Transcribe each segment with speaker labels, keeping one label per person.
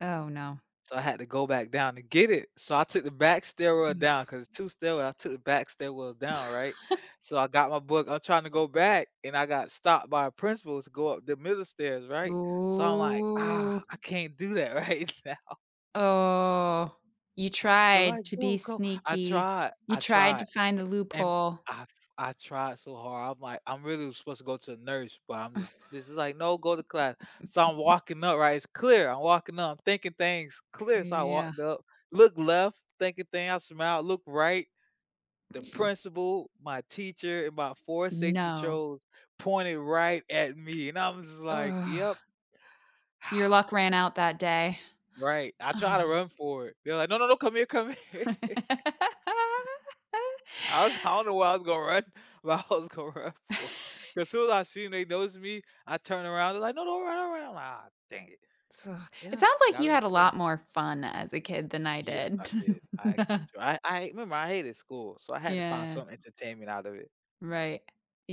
Speaker 1: Oh, no.
Speaker 2: So I had to go back down to get it, so I took the back stairwell
Speaker 1: Mm.
Speaker 2: down, 'cause it's 2 stairwells, I took the back stairwell down, right, so I got my book. I'm trying to go back, and I got stopped by a principal to go up the middle stairs, right, so I'm like, "Ah,
Speaker 1: Ooh.
Speaker 2: I can't do that right now."
Speaker 1: Oh, you
Speaker 2: They're
Speaker 1: tried
Speaker 2: like,
Speaker 1: to be
Speaker 2: "Go, go." I
Speaker 1: sneaky,
Speaker 2: tried
Speaker 1: you
Speaker 2: I
Speaker 1: tried to
Speaker 2: tried,
Speaker 1: find a
Speaker 2: and
Speaker 1: loophole.
Speaker 2: I I tried so hard, I'm like, "I'm really was supposed to go to a nurse," but I'm just this is like, "No, go to class." So I'm walking up, right, it's clear I'm walking up, I'm thinking things
Speaker 1: Uh,
Speaker 2: clear, so I
Speaker 1: yeah.
Speaker 2: walked up, look left, thinking thing I smile, look right, the principal, my teacher, and about 4 safety
Speaker 1: No.
Speaker 2: patrols pointed right at me, and I was just like, "Yep."
Speaker 1: Ugh. Your luck ran out that day.
Speaker 2: Right, I try to run for it, they're like, "No no no, come here come here." I was I don't know where I was gonna run, but I was gonna run for it, 'cause as soon as I seen they noticed me, I turn around, they're like, "No no don't run don't run." I'm like, "Aw, dang it."
Speaker 1: So it
Speaker 2: Yeah,
Speaker 1: sounds like you
Speaker 2: gotta
Speaker 1: had a
Speaker 2: [unintelligible]
Speaker 1: lot more fun as a kid than I
Speaker 2: Yes, I
Speaker 1: did.
Speaker 2: did, I actually enjoy I I remember I hated school, so, I had to find
Speaker 1: Yeah.
Speaker 2: some entertainment out of it.
Speaker 1: Right,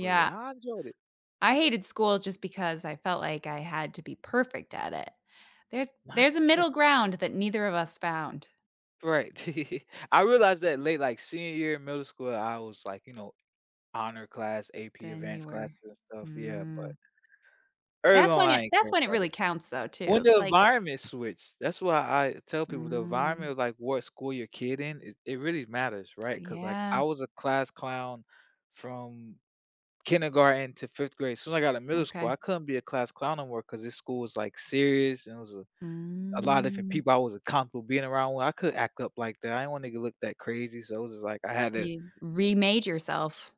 Speaker 2: Really, I enjoyed it.
Speaker 1: I hated school just because I felt like I had to be perfect at it. There's there's a middle
Speaker 2: [unintelligible]
Speaker 1: ground that neither of us found.
Speaker 2: Right, I realized that late, like, senior year in middle school, I was like you know, honor class, AP
Speaker 1: Then you
Speaker 2: advanced
Speaker 1: were,
Speaker 2: classes and stuff, yeah,
Speaker 1: hmm.
Speaker 2: but early
Speaker 1: That's
Speaker 2: on,
Speaker 1: when
Speaker 2: I
Speaker 1: it
Speaker 2: ain't
Speaker 1: that's
Speaker 2: care
Speaker 1: when it
Speaker 2: about
Speaker 1: really
Speaker 2: it.
Speaker 1: counts, though, too,
Speaker 2: When
Speaker 1: it's
Speaker 2: the
Speaker 1: like
Speaker 2: environment switched, that's why I tell people, "The environment
Speaker 1: Mm.
Speaker 2: of, like, what school your kid in, it it really matters." Right, 'cause, like, I
Speaker 1: Yeah.
Speaker 2: was a class clown from kindergarten to 5th grade, as soon as I got to middle school,
Speaker 1: Okay.
Speaker 2: I couldn't be a class clown no more, 'cause this school was, like, serious, and it was a a lot of different
Speaker 1: Mm.
Speaker 2: people I wasn't comfortable being around with, I couldn't act up like that, I didn't wanna go look that crazy, so, it was just like, I had to
Speaker 1: You remade yourself.